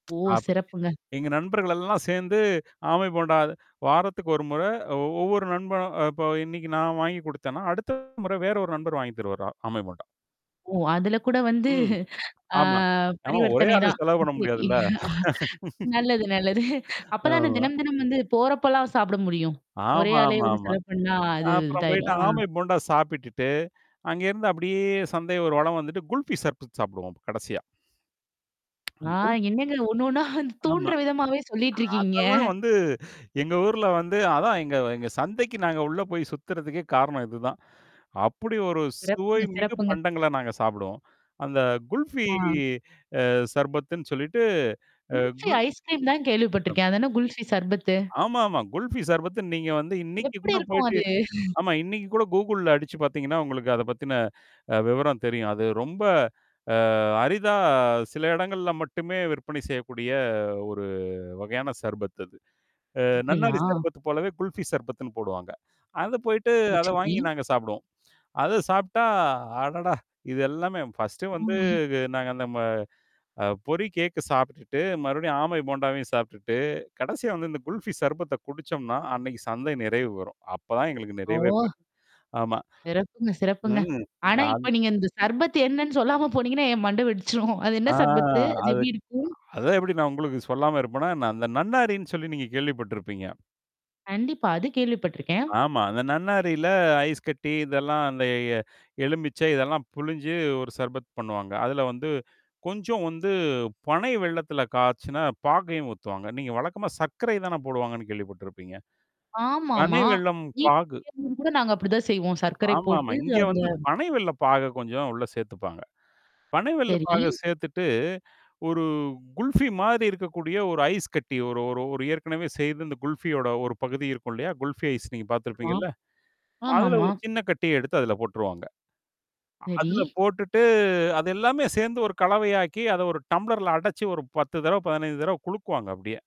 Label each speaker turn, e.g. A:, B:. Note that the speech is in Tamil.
A: ஓ!
B: அப்படி
A: சிறப்புங்க.
B: எங்க நண்பர்கள் எல்லாம் சேர்ந்து ஆமை போண்டா வாரத்துக்கு ஒரு முறை ஒ ஒவ்வொரு நண்பனும் இப்ப இன்னைக்கு நான் வாங்கி குடுத்தேன்னா, அடுத்த முறை வேற ஒரு நண்பர் வாங்கி தருவாறு, ஆமை போண்டா.
A: ஓ! அதுல கூட வந்து
B: ம்.
A: ஆ
B: ஆமா. ஆமா ஒரே
A: பரிவர்த்தனை
B: ஆளு
A: தான்.
B: செலவு பண்ண
A: இ
B: முடியாதுல்ல?
A: அ நல்லது நல்லது. அப்ப தானே
B: ஆமா.
A: தினம் தினம் வந்து போறப்போலாம் சாப்பிட முடியும். ஒரே ஆளே வந்து
B: ஆமாமாமா.
A: செலவு பண்ணா அது
B: அப்புறம் போயிட்டு
A: இதாயிரும். ஆ.
B: ஆமை போண்டா சாப்பிட்டுட்டு, அங்கேருந்து அப்படியே சந்தை ஒரு வளம் வந்துட்டு குல்ஃபி சர்பத் சாப்பிடுவோம் அப்ப கடைசியா. குல்
A: நான் என்னங்க ஒண்ணு ஒண்ணா
B: ஆமா.
A: தூண்டுற விதமாவே சொல்லிட்டுருக்கீங்க.
B: அதெல்லாம் வந்து எங்க ஊர்ல வந்து அதான் எங்க எங்க சந்தைக்கு நாங்க உள்ள போய் சுத்துறதுக்கே காரணம் இதுதான். அப்படி ஒரு சுவை
A: சிறப்புங்க,
B: மிகு
A: சிறப்புங்க.
B: பண்டங்கள்ல நாங்க சாப்பிடுவோம். அந்த குல்ஃபி
A: ஆ.
B: அ சர்பத்துன்னு சொல்லிட்டு அ
A: குல்ஃபி
B: குல்
A: ஐஸ்கிரீம் தான்
B: அ.
A: கேள்விப்பட்டுக்கேன். அத என்ன குல்ஃபி சர்பத்து?
B: ஆமாமா. குல்ஃபீ சார்பத்து நீங்க வந்து இன்னைக்கு
A: எப்படி
B: கூட
A: இருக்கும்
B: போயிட்டு.
A: அது?
B: ஆமா. இன்னைக்கு கூட கூகுள்ல அடிச்சு பார்த்தீங்கன்னா, உங்களுக்கு அத பத்தின அ விவரம் தெரியும். அது ரொம்ப அ அரிதா சில இடங்கள்ல மட்டுமே விற்பனை செய்யக்கூடிய ஒரு வகையான சார்பத் அது. அ
A: அப்படியா?
B: நன்னாரி சர்பத்து போலவே குல்ஃபி சர்பத்துன்னு போடுவாங்க. அத போயிட்டு
A: ஓ!
B: அத வாங்கி
A: சரி.
B: நாங்க சாப்பிடுவோம். அத சாப்ட்டா, அடடா! இது எல்லாமே ஃபர்ஸ்ட்டு வந்து நாங்க அந்த ம அ பொறி கேக்கு சாப்பிட்டுட்டு, மறுபடியும் ஆமை போண்டாவையும் சாப்புட்டுட்டு, கடைசியா வந்து இந்த குல்ஃபி சர்பத்த குடிச்சோம்னா, அன்னைக்கு சந்தை நிறைவு வரும். அப்பதான் எங்களுக்கு நிறைவே
A: ஓ!
B: பெரும். ஆமா.
A: சிறப்புங்க, சிறப்புங்க.
B: ம்.
A: ஆனா
B: அது
A: இப்ப நீங்க இந்த சர்பத் என்னன்னு சொல்லாம போனீங்கன்னா என் மண்ட வெடிச்சுடும். அது என்ன
B: ஆ
A: சர்பத்து? அது
B: அதுக்கு
A: எப்பிடி இருக்கும்?
B: அதான் எப்படி நான் உங்களுக்கு சொல்லாம இருப்பேனா என்ன? அந்த நன்னாரின்னு சொல்லி நீங்க கேள்விப்பட்டுருப்பீங்க.
A: கண்டிப்பா. அது கேள்விப்பட்டுருக்கேன்.
B: ஆமா. அந்த நன்னாரில ஐஸ் கட்டி இதெல்லாம் அந்த எ எலுமிிச்சை இதெல்லாம் புளிஞ்சு ஒரு சர்பத் பண்ணுவாங்க. அதுல வந்து கொஞ்சம் வந்து பனை வெல்லத்துல காய்ச்சுன பாகையும் ஊத்துவாங்க. நீங்க வழக்கமா சர்க்கரை தானே போடுவாங்கன்னு கேள்விப்பட்டுருப்பீங்க? பனை
A: ஆமாமா.
B: வெல்லம்
A: மீதி
B: பாகு.
A: மீற்னத கூட நாங்க அப்படிதான் செய்வோம். சர்க்கரை
B: ஆமாமா.
A: போட்டு
B: இங்க
A: அந்த
B: வந்து பனை வெல்ல பாக கொஞ்சம் உள்ள சேர்த்துப்பாங்க. பனை வெல்ல பாக
A: சரி.
B: சேர்த்துட்டு ஒரு குல்ஃபி மாரி இருக்கக்கூடிய ஒரு ஐஸ் கட்டி ஒரு ஒரு ஒரு ஏற்கனவே செய்து இந்த குல்ஃபியோட ஒரு பகுதி இருக்கும் இல்லையா? குல்ஃபி ஐஸ் நீங்க
A: ஆமா.
B: பார்த்திருப்பீங்கல்ல? அதுல
A: ஆமாமா.
B: ஒரு சின்ன கட்டிய எடுத்து அதில போட்டுருவாங்க.
A: சரி.
B: அதில போட்டுட்டு அது எல்லாமே சேர்ந்து ஒரு கலவையாக்கி, அத ஒரு டம்ளர்ல அடைச்சு ஒரு 10 தடவ, 15 தடவ குழுக்குவாங்க அப்படியே